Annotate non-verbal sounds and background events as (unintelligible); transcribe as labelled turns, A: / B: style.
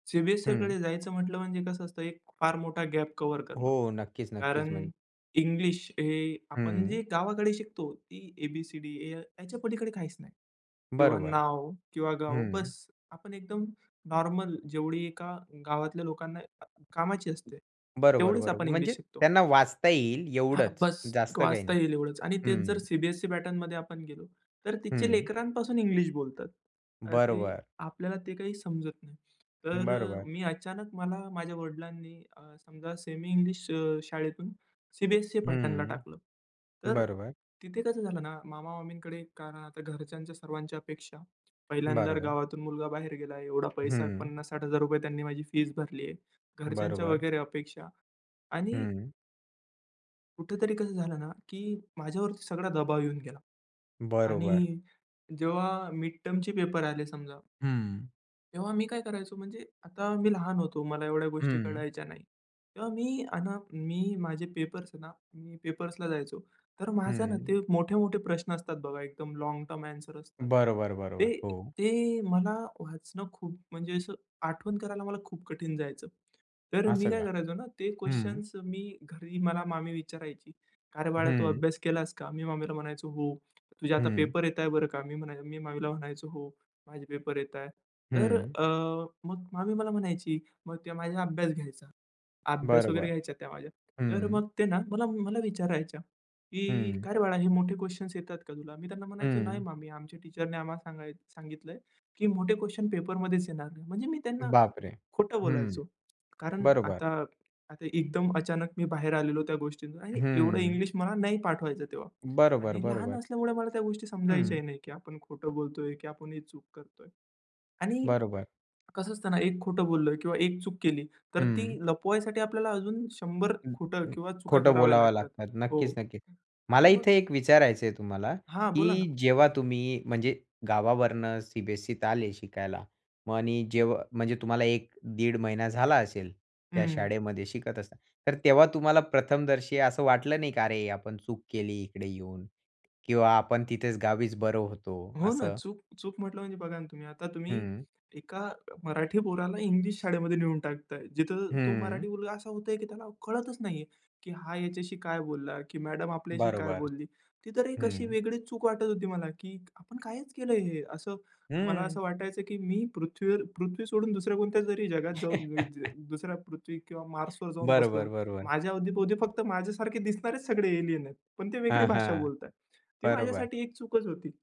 A: हं.
B: सीबीएससीकडे जायचं म्हंटलं म्हणजे कसं असतं एक फार मोठा गॅप कव्हर करणं.
A: हो, नक्कीच, नक्कीच. म्हण
B: कारण इंग्लिश हे आपण
A: हं.
B: जे गावाकडे शिकतो ती ए, बी, सी, डी, या याच्या पलीकडे काहीच नाही. किंवा
A: बरोबर,
B: नाव किंवा गाव
A: हं.
B: बस. आपण एकदम नॉर्मल जेवढी एका गावातल्या लोकांना अ, कामाची असते,
A: बरोबर,
B: तेवढीच आपण
A: बरोबर. म्हणजे
B: इंग्लिश शिकतो.
A: त्यांना वाचता येईल
B: हां,
A: एवढंच,
B: बस.
A: जास्त काही
B: वाचता
A: नाही.
B: येईल एवढंच. आणि तेच जर
A: हं.
B: सीबीएससी पॅटर्नमध्ये आपण गेलो तर तिथे
A: हं.
B: लेकरांपासून इंग्लिश बोलतात. अ, ते
A: बरोबर.
B: आपल्याला ते काही समजत नाही. तर अ,
A: बरोबर.
B: मी अचानक मला माझ्या वडिलांनी अ, समजा सेमी इंग्लिश अ, शाळेतून सीबीएससी पॅटर्नला
A: हं,
B: टाकलं. तर अ,
A: बरोबर.
B: तिथे कसं झालं ना, मामा-मामींकडे कारण आता घरच्यांच्या सर्वांच्या अपेक्षा पहिल्यांदा
A: बरोबर.
B: गावातून मुलगा बाहेर गेला एवढा पैसा
A: हं.
B: ₹50,000-₹60,000 त्यांनी माझी फीस भरली आहे. घरच्यांच्या
A: बरोबर.
B: वगैरे अपेक्षा आणि
A: हं.
B: कुठेतरी कसं झालं ना, की माझ्यावरती सगळा दबाव येऊन गेला
A: बरोबर.
B: आणि जेव्हा मिड टर्मचे पेपर आले समजा
A: हं.
B: तेव्हा मी काय करायचो म्हणजे आता मी लहान होतो मला एवढ्या गोष्टी
A: हं.
B: कळायच्या नाही. तेव्हा मी अन् मी माझे पेपर्स ना, मी पेपर्सला जायचो, तर माझं ना,
A: हं.
B: ते मोठे-मोठे प्रश्न असतात बघा, एकदम लाँग टर्म आंसर असतात.
A: बरोबर, बरोबर.
B: ते
A: हो.
B: ते मला वाचणं खूप म्हणजे असं, आठवण करायला मला खूप कठीण जायचं. तर मी
A: असं
B: काय
A: का?
B: करायचो ना, ते
A: हं.
B: क्वेशन्स मी घरी मला मामी विचारायची, "काय रे बाळा, तू
A: हं.
B: अभ्यास केलास का?" मी मामीला म्हणायचो, "हो." "तुझे आता
A: हं.
B: पेपर येताय बरं का." मी म्हणाय मी मामीला म्हणायचो, "हो माझे पेपर येताय." तर
A: हं.
B: अ, मग मामी मला म्हणायची, मग ते माझ्या अभ्यास घ्यायचा. अभ्यास वगैरे
A: बरोबर,
B: घ्यायचा त्या माझ्या. तर
A: हं.
B: मग ते ना मला मला विचारायच्या, की
A: हं.
B: "काय रे बाळा, हे मोठे क्वेशन्स येतात का तुला?" मी त्यांना म्हणायचो, "नाही
A: हं.
B: म मी आमच्या टीचरने आम्हाला सांगाय सांगितलं की मोठे क्वेशन पेपर मध्येच येणार नाही." म्हणजे मी त्यांना
A: बापरे!
B: खोटं
A: हं,
B: बोलायचो. कारण
A: बरोबर.
B: आता आता एकदम अचानक मी बाहेर आलेलो त्या गोष्टींच आणि एवढं
A: हं.
B: इंग्लिश मला नाही पाठ व्हायचं तेव्हा
A: बरोबर,
B: आणि लहान
A: बरोबर.
B: असल्यामुळे मला त्या गोष्टी
A: हं.
B: समजायच्या नाही, की आपण खोटं बोलतोय की आपण ही चूक करतोय. आणि
A: बरोबर.
B: कसं असतं ना, एक खोटं बोललं किंवा एक चूक केली, तर ती
A: हं.
B: लपवायसाठी आपल्याला अजून 100 खोटं
A: (unintelligible)
B: किंवा चुका
A: खोटं
B: कराव्या
A: बोलावं
B: लागतात.
A: लागतात.
B: हो
A: नक्कीच, नक्कीच. मला
B: आणि मग
A: इथे एक विचारायचं आहे तुम्हाला,
B: हां, बोला ना.
A: की जेव्हा तुम्ही म्हणजे गावावरनं सीबीएससीत आले शिकायला मग आणि जेव म्हणजे तुम्हाला 1-1.5 महिना झाला असेल त्या
B: हं.
A: शाळेमध्ये शिकत असताना. तर तेव्हा तुम्हाला प्रथमदर्शी असं वाटलं नाही का? अरे, आपण चूक केली इकडे येऊन किंवा आपण तिथेच गावीच बरं होतो?
B: हो ना,
A: असं.
B: चूक चूक म्हटलं म्हणजे बघा ना, तुम्ही. आता तुम्ही
A: हं.
B: एका मराठी पोराला इंग्लिश शाळेमध्ये नेऊन टाकताय, जिथं तो
A: हं.
B: मराठी मुलगा असा होतय, की त्याला कळतच नाहीये, की हा ह्याच्याशी काय बोलला की मॅडम आपल्याशी काय
A: बरोबर,
B: बोलली, ती तर एक अशी
A: हं.
B: वेगळी चूक वाटत होती मला, की आपण कायच केलंय हे, असं मला असं
A: हं.
B: वाटायचं, की मी पृथ्वीवर पृथ्वी सोडून दुसऱ्या कोणत्या जरी जगात जाऊन (unintelligible)
A: (chuckles)
B: दुसऱ्या पृथ्वी किंवा मार्सवर जाऊन बसलो.
A: बरोबर, बरोबर.
B: माझ्या अवती-भोवती फक्त माझ्यासारखे दिसणारेच सगळे एलियन आहेत. पण ते वेगळी
A: हां,
B: भाषा
A: हां.
B: बोलतायत. ती
A: बरोबर.
B: माझ्यासाठी एक चूकच होती.